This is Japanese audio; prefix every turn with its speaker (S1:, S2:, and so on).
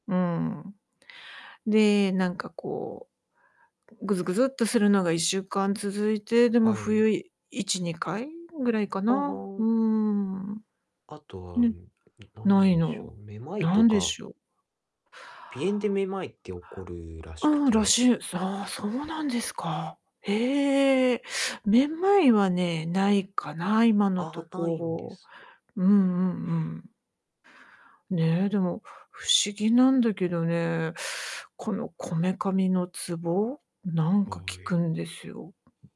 S1: うん。で、なんかこうぐずぐずっとするのが1週間続いて、でも
S2: はい。
S1: 冬1、2回ぐらいか
S2: あ
S1: な、うー
S2: あ。
S1: ん、
S2: あとは、
S1: ね、
S2: な
S1: な
S2: ん
S1: い
S2: でしょ
S1: の。
S2: う、めまいと
S1: 何で
S2: か
S1: しょう？
S2: 鼻炎でめまいって起こるらしく
S1: うん、らし
S2: て。
S1: い。ああ、そうなんですか。へえ。めまいはね、ないかな、今のと
S2: あ、ないんで
S1: こ
S2: すね。
S1: ろ。うんうんうん。ね、でも不思議なんだけどね、この、こめかみのツボ、なん
S2: は
S1: か、効く
S2: い。
S1: んですよ。